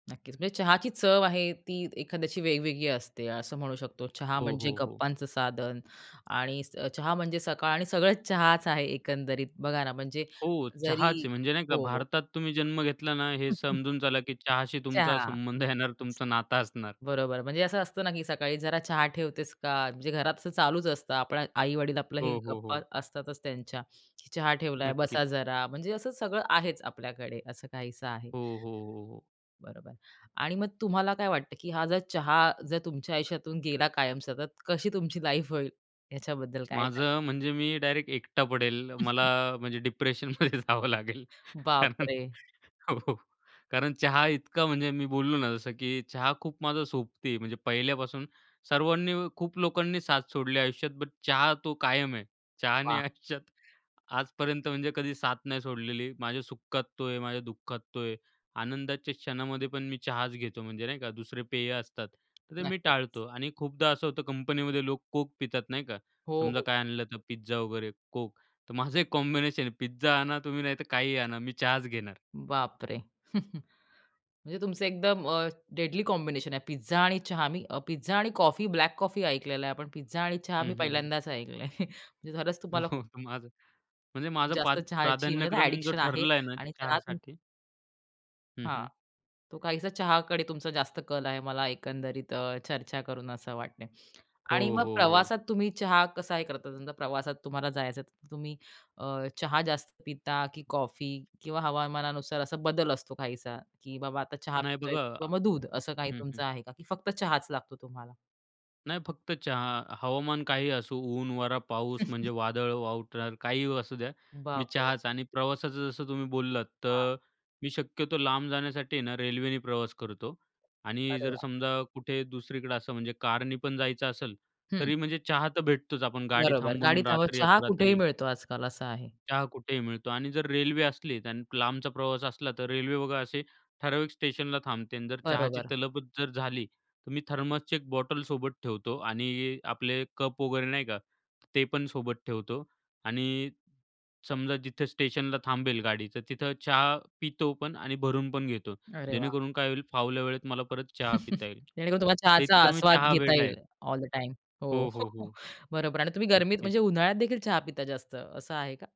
नक्कीच. म्हणजे चहाची चव आहे ती एखाद्याची वेगवेगळी असते असं म्हणू शकतो. चहा हो, म्हणजे हो, हो. गप्पांचं साधन आणि स चहा म्हणजे सकाळ आणि सगळंच चहाच आहे एकंदरीत बघा ना म्हणजे हो, जरी चहाचे आहे. म्हणजे नाही का हो. भारतात तुम्ही जन्म घेतला ना हे समजून चला, की चहाशी तुमचा चहा. संबंध येणार. तुमचा नाता असणार. बरोबर म्हणजे असं असतं ना, की सकाळी जरा चहा ठेवतेस का? म्हणजे घरात असं चालूच असतं आपल्या आई-वडील आपल्यालाही हो, हो, गप्पा हो. असतातच त्यांच्या. चहा ठेवलाय, नक्कीच. बसा जरा म्हणजे असं सगळं आहेच आपल्याकडे असं काहीसं आहे. हो, हो, हो, हो. बरोबर आणि मग तुम्हाला काय वाटतं, की हा जर चहा जर तुमच्या आयुष्यातून गेला कायमचा तर सतत कशी तुमची लाईफ होईल ह्याच्याबद्दल काय सांगाल? माझं म्हणजे मी डायरेक्ट एकटा पडेल मला म्हणजे डिप्रेशनमध्ये जावं लागेल. कारण बापरे! हो. कारण चहा इतका म्हणजे मी बोललो ना जसं, की चहा खूप माझा सोबती म्हणजे पहिल्यापासून सर्वांनी खूप लोकांनी साथ सोडली आयुष्यात बट चहा तो कायम आहे. चहानी वाह! आयुष्यात आजपर्यंत म्हणजे कधी साथ नाही सोडलेली. माझ्या सुखात तो आहे माझ्या दुःखात तो आहे. आनंदाच्या क्षणामध्ये पण मी चहाच घेतो म्हणजे नाही का दुसरे पेय असतात. तर ते मी नक्कीच. टाळतो आणि खूपदा असं होतं कंपनीमध्ये लोक Coke पितात नाही का. हो, समजा हो. काय आणलं तर पिझ्झा वगैरे, Coke. तर माझं एक कॉम्बिनेशन आहे पिझ्झा आणा तुम्ही नाही तर काहीही आणा मी चहाच घेणार. बापरे, म्हणजे तुमचं एकदम अ, डेडली कॉम्बिनेशन आहे पिझ्झा आणि चहा. मी पिझ्झा आणि कॉफी, ब्लॅक कॉफी ऐकलेलं आहे. पण पिझ्झा आणि चहा हं, मी हं, हं. पहिल्यांदाच ऐकलं आहे. खरंच तुम्हाला खूप माझं. म्हणजे माझं पा जास्त चहाची म्हणजे आता प्राधान्यक्रम जो एडिक्शन आहे ठरला आहे ना आणि चहा तुम चहासाठी. हं, हां. हं. तो काहीसा चहाकडे तुमचा जास्त कल आहे मला एकंदरीत अ, चर्चा करून असं वाटतंय आणि हो, मग हो, हो. प्रवासात तुम्ही चहा कसा हे करता? तुमचा प्रवासात तुम्हाला जायचं आहे. तर तुम्ही अ, चहा जास्त पिता की कॉफी किंवा हवामानानुसार असा बदल असतो काहीसा, की बाबा आता चहा नाही पितोय बघा किंवा मग दूध असं काही हं, तुमचं हं. आहे का? की फक्त चहाच लागतो तुम्हाला? नाही फक्त चहा. हवामान काहीही असू ऊन, वारा, पाऊस म्हणजे वादळ, वावटळ काहीही असू द्या. मी बापरे! चहाचं आणि प्रवासाचं जसं तुम्ही बोललात हां. तर मी शक्यतो लांब जाण्यासाठी आहे ना रेल्वेने प्रवास करतो आणि अरे, जर वाह! समजा कुठे दुसरीकडे असं म्हणजे कारनी पण जायचं असेल. हं. तरी म्हणजे चहा तर भेटतोच. आपण गाडी बरोबर. थांबवून गाडीत हवा, रात्री चहा कुठेही अपरात्री. मिळतो आजकाल असं आहे. चहा कुठेही मिळतो आणि जर रेल्वे असली आणि लांबचा प्रवास असला तर रेल्वे बघा असे, ठराविक स्टेशनला थांबते आणि जर चहाची बरोबर. तलबच जर झाली. तर मी थर्मसची एक बॉटल सोबत ठेवतो आणि आपले कप वगैरे नाही का, ते पण सोबत ठेवतो आणि समजा जिथे स्टेशनला थांबेल गाडी तर तिथं चहा पितो पण आणि भरून पण घेतो. अरे, वाह! जेणेकरून काय होईल फावल्या वेळेत मला परत चहा पिता येईल. जेणेकरून तुम्हाला तर चहाचा इतका मी आस्वाद घेता चहावेडा आहे. येईल ऑल द टाईम. हो, हो, हो, हो. बरोबर आणि तुम्ही गरमीत नक्कीच. म्हणजे उन्हाळ्यात देखील चहा पिता जास्त असं आहे का?